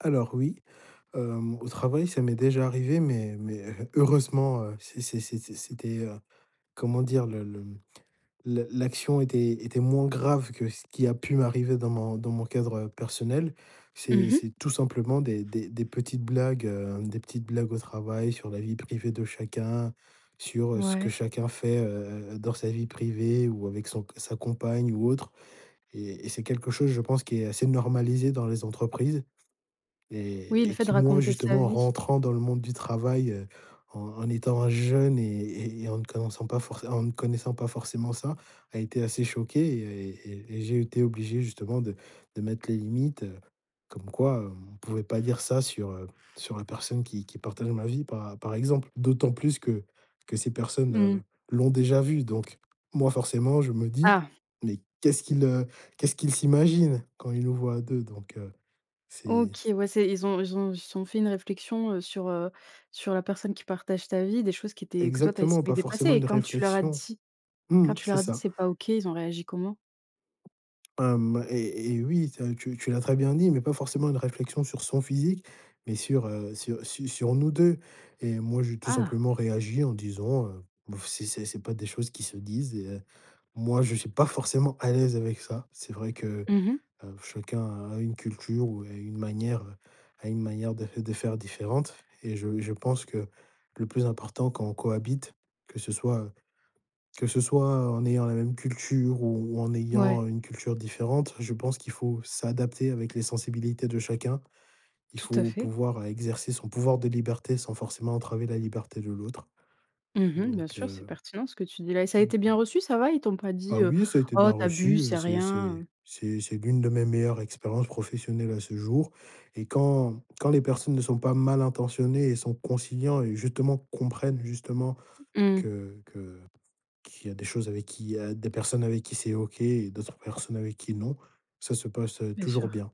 Alors, oui. Hem, au travail, ça m'est déjà arrivé, mais mais heureusement, heu, c'est c'est c'est c'est c'était, heu, comment dire, le le mmh, l l'action était était moins grave que ce qui a pu m'arriver dans mon dans mon cadre, heu, personnel. C'est Mmh mh. c'est tout simplement des des des petites blagues, heu, des petites blagues au travail sur la vie privée de chacun, sur, heu, ce que Ouais. chacun fait, heu heu heu, dans sa vie privée ou avec son sa compagne ou autre. Et et c'est quelque chose, je pense, qui est assez normalisé dans les entreprises, Oui, et le et fait qui de moi, raconter sa justement, vie. rentrant dans le monde du travail, heu, en en étant un jeune et et en ne connaissant pas forcément en ne connaissant pas forcément ça, a été assez choqué et et et j'ai été obligé, justement, de de mettre les limites. Heu, comme quoi, heu, on pouvait pas dire ça sur, heu, sur la personne qui qui partage ma vie par par exemple. D'autant plus que que ces personnes, heu, Mmh. l'ont déjà vue. Donc moi, forcément, je me dis: Ah! «Mais, qu'est-ce qu'ils, heu, qu'est-ce ils s'imaginent quand ils nous voient à 2?». Donc, heu, c'est OK. Ouais, c'est ils ont ils ont ils se sont fait une réflexion, heu, sur, heu, sur la personne qui partage ta vie, des choses qui étaient que toi tu as Exactement, estimées pas déplacées. forcément Et une quand tu leur as réflexion. dit Mmh quand mh, tu c'est leur a dit: ça. «C'est pas OK», ils ont réagi comment? Hem, et et oui, tu as tu tu l'as très bien dit, mais pas forcément une réflexion sur son physique, mais sur, heu, sur, heu, su sur nous 2 et moi, j'ai tout Ah! simplement réagi en disant, heu: «B oh, c'est c'est c'est pas des choses qui se disent.» et, heu, moi, je suis pas forcément à l'aise avec ça. C'est vrai que, Mmh mh. heu, chacun a une culture ou a une manière, heu, a une manière de de faire différente et je je pense que le plus important quand on cohabite, que ce soit heu, que ce soit en ayant la même culture ou en Ouais. ayant une culture différente, je pense qu'il faut s'adapter avec les sensibilités de chacun. Il Tout à faut fait. pouvoir, heu, exercer son pouvoir de liberté sans forcément entraver la liberté de l'autre. Mmh mh, bien Donc, sûr, c'est heu pertinent, ce que tu dis, là. Et ça a été bien reçu, ça va? Ils t'ont [unintelligible] pas dit, Ah, heu: oui, ça a été «Oh bien tu reçu. abuses, Heu, c'est c'est rien, c'est heu»? c'est c'est l'une de mes meilleures expériences professionnelles à ce jour. Et quand quand les personnes ne sont pas mal intentionnées et sont conciliants et justement, comprennent, justement Mmh. que que qu'il y a des choses avec qui il y a des personnes avec qui c'est OK et d'autres personnes avec qui, non, ça se passe, heu, Bien toujours sûr. bien.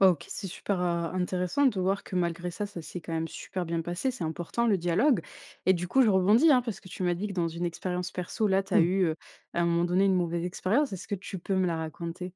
Bah, OK, c'est super heu, intéressant de voir que malgré ça, ça s'est quand même super bien passé. C'est important, le dialogue. Et du coup, je rebondis, hein, parce que tu m'as dit que dans une expérience perso, là, tu as Mmh. eu, heu, à un moment donné, une mauvaise expérience, est-ce que tu peux me la raconter?